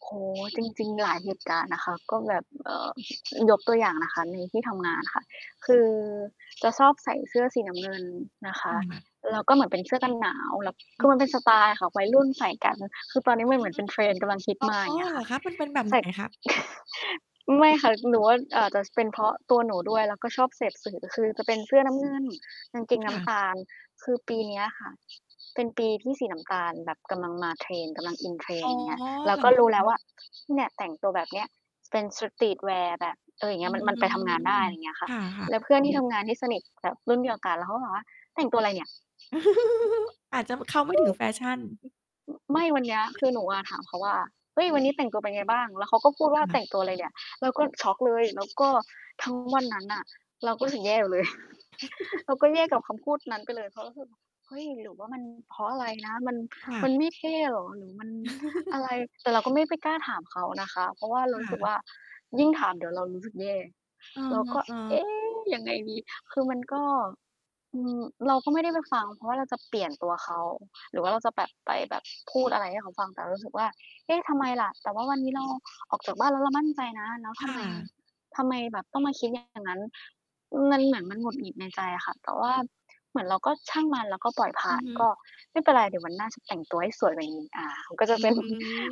โอ้โฮ จริง ๆ หลายเหตุการณ์นะคะ ก็แบบ เอ่อ ยกตัวอย่างนะคะในที่ทำงานค่ะ คือจะชอบใส่เสื้อสีน้ำเงินนะคะ ค่ะ แล้วก็เหมือนเป็นเสื้อกันหนาว แล้ว คอืืออมันเฮป็นสึ ไตล์ค่ะ วัยรุ่นใส่กัน คือตอนเนี้ยอ มันอเหืมือ อนเป็น trend กำลังฮิตอมา อย๋่อ างเงี้ยเหรค่อะ คะ มันเป็นแบบ ใสไห่ น คะ? ไม่ค่ะ หนูว่าอาจจะเป็นเพราะตัวหนูด้วย แล้วก็ชอบเสพสื่อ คือจะเป็นเสื้อน้ำเงิน กางเกงคน้่ำะ ตาล คือปีเนี้ยค่ะเป็นปีที่สีน้ำตาลแบบกำลังมา trend กำลัง in อ๋trend อ อย่างเงี้เหย เรารอก็ครู้แล้วะ? ว่า เนี่ย แต่งตัวแบบเนี้ยเป็น Streetwear แบบ เออ อย่างเงอีื้ย มัน มันไปทำงานได้ ม อะไรเงี้ยค่คะ ่ะ แลๆ ้วเพื่อน ที่ทำงานที่สนิทแบบรุ่นเดียวกัน แล้วเขาก็บอกว่า "แต่งตัวอะไรเนี่ย?" อาจจะ บ เข้าไม่ถึงแฟชั่น ไม่ วันเนี้ยคือหนูอะถามเขาว่า "เฮ้ย วันนี้แต่งตัวเป็นไงบ้าง?" แล้วเขาก็พูดว่คา ่"แตะ ่งตัวอะไรเนี่ย?" เราก็ช็อกเลย แล้วก็ทั้งวันนั้นน่ะเราก็รู้สึกแย่อยู่เลย เราก็แย่กับคำพูดนั้นไปเลย เพราะรู้สึก เฮ้ย หรือว่ามัน เพราะอะไรนะ มัน ค่มัะ นไม่เท่เหรอ หรือมันอะไร? แต่เราก็ไม่ไปกล้าถามเขานะคะ เพราะว่าเราครู้่สึกวะ ่า ยิ่งถามเดี๋ยวเรารู้สึกแย่ เอเราก็ อ เอๆ ๊ ยังไงดี? คือมันก็ อืม เราก็ไม่ได้ไปฟัง เพราะว่าเราจะเปลี่ยนตัวเขา หรือว่าเราจะแบบไปแบบพูดอะไรให้เขาฟัง แต่เรารู้สึกว่า เอ๊ะ ทำไมล่ะ? แต่ว่าวันนี้เราออกจากบ้านแล้วเรามั่นใจนะ แล้วทคำไม ่ะ ทำไมแบบต้องมาคิดอย่าง [unintelligible] นั้น? อือ มันเหมือนมันหงุดหงิดในใจอะค่ะ แต่ว่าเหมือนเราก็ช่างมันแล้วก็ปล่อยผอ่ืาอน ฮึ ก็ไม่เป็นไรเดี๋ยววันหน้าจะแต่งตัวให้สวยกว่านี้ อา มันก็จะ อืเป็น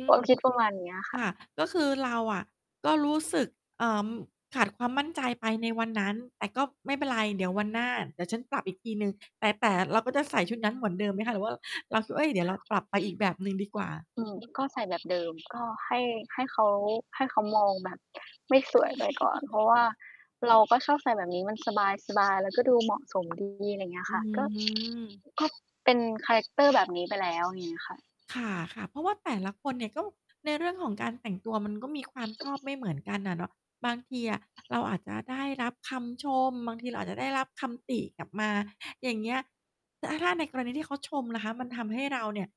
ม ความคิดประมาณนี้อะคค่ะ ่ะ ก็คือเราอะก็รู้สึก เอ่อ ขาดความมั่นใจไปในวันนั้น แต่ก็ไม่เป็นไรเดี๋ยววันหน้าเดี๋ยวฉันปรับอีกทีหนึ่ง แต่ แต่เราก็จะใส่ชุดนั้นเหมือนเดิมไหมคะ? หรือว่า เราคิดว่า เฮ่ย เดี๋ยวเราปรับไปอีกแบบหนึ่งดีกว่า? อืม ก็ใส่แบบเดิม ก็ให้ ให้เขา ให้เขามองแบบไม่สวยไปก่อน เพราะว่าเราก็ชอบใส่แบบนี้ มันสบาย ๆ แล้วก็ดูเหมาะสม ดี อะไรเงี้ยอืค่ะ ก็ ม ก็เป็นคาแรกเตอร์แบบนี้ไปแล้ว งี้ค่ะ ค่ะ ๆ เพราะว่าแต่ละคนเนี่ย ก็ในเรื่องของการแต่งตัวมันก็มีความชอบไม่เหมือนกันน่ะเนาะ บางทีอะเราอาจจะได้รับคำชม บางทีเราอาจจะได้รับคำติกลับมา อย่างเงี้ย แล้วถ้าในกรณีที่เขาชมล่ะคะ มันทำให้เราเนี่ย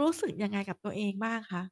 รู้สึกยังไงกับตัวเองบ้างคะ?